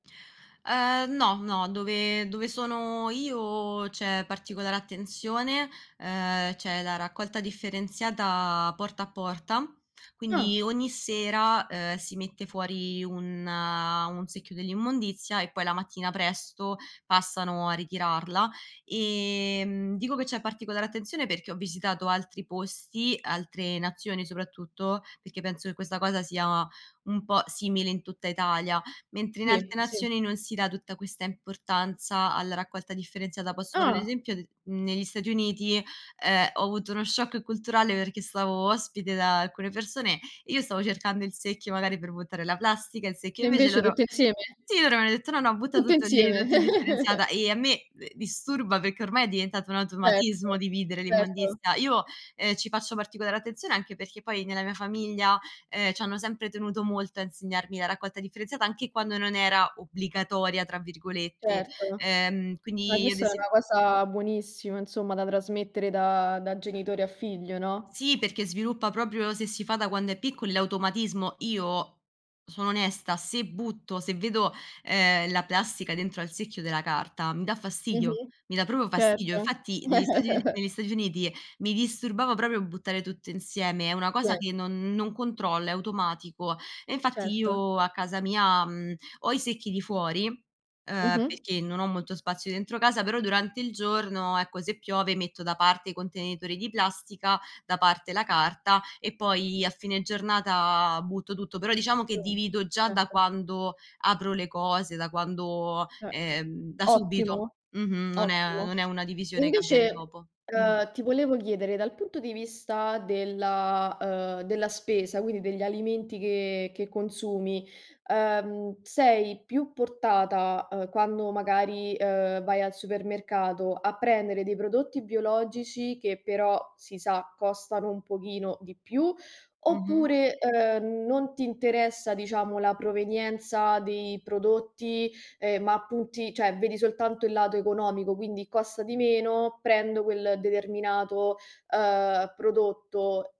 Ehm, no, no, dove dove sono io c'è particolare attenzione, ehm, c'è la raccolta differenziata porta a porta; quindi Ah. ogni sera, ehm, si mette fuori un un secchio dell'immondizia e poi la mattina presto passano a ritirarla. Ehm, dico che c'è particolare attenzione perché ho visitato altri posti, altre nazioni soprattutto, perché penso che questa cosa sia un po' simile in tutta Italia; mentre in Sì, altre sì. nazioni non si dà tutta questa importanza alla raccolta differenziata. Posso fare un Ah. esempio, d negli Stati Uniti, ehm, ho avuto uno shock culturale perché stavo ospite da alcune persone, e io stavo cercando il secchio magari per buttare la plastica, il secchio E invece invece loro tutto insieme? sì, loro mi hanno detto: "No, no, butta Tutte tutto lì, insieme. tutta indifferenziata". Ehm, a me d disturba perché ormai è diventato un Certo, automatismo dividere certo. l'immondizia. Io, ehm, ci faccio particolare attenzione anche perché poi, nella mia famiglia, ehm, c'hanno sempre tenuto molto a insegnarmi la raccolta differenziata anche quando non era "obbligatoria" tra virgolette. Certo. Ehm, Ma quindi ad questa è ese una cosa buonissima insomma, da trasmettere da da genitore a figlio, no? Sì, perché sviluppa proprio, se si fa da quando è piccoli, l'automatismo. Io sono onesta, se butto se vedo, ehm, la plastica dentro al secchio della carta, mi dà fastidio, Mh-mh, mi dà proprio fastidio. certo. Infatti negli Stati Uni negli Stati Uniti mi disturbava proprio buttare tutto insieme, è una cosa che [unintelligible] non non controllo, è automatico. E infatti Certo. io a casa mia, mhmm, ho i secchi di fuori, ehm, Mh-mh. perché non ho molto spazio dentro casa, però durante il giorno, ecco, se piove metto da parte i contenitori di plastica, da parte la carta e poi a fine giornata butto tutto. Però diciamo che [unintelligible] divido già da Certo. quando apro le cose, da quando Eh. ehm, da subito. Ottimo, Mh-mh, non è ottimo. non è una E divisione che avviene invece, dopo. Mh-mh. ehm, ti volevo chiedere, dal punto di vista della uhm, della spesa, quindi degli alimenti che che consumi, ehm, sei più portata, uhm, quando magari, uhm ,vai al supermercato, a prendere dei prodotti biologici che però, si sa, costano un pochino di più, Mh-mh. oppure, ehm, non ti interessa, diciamo, la provenienza dei prodotti, ehm, ma punti cioè, vedi soltanto il lato economico; quindi costa di meno, prendo quel determinato, uhm, prodotto.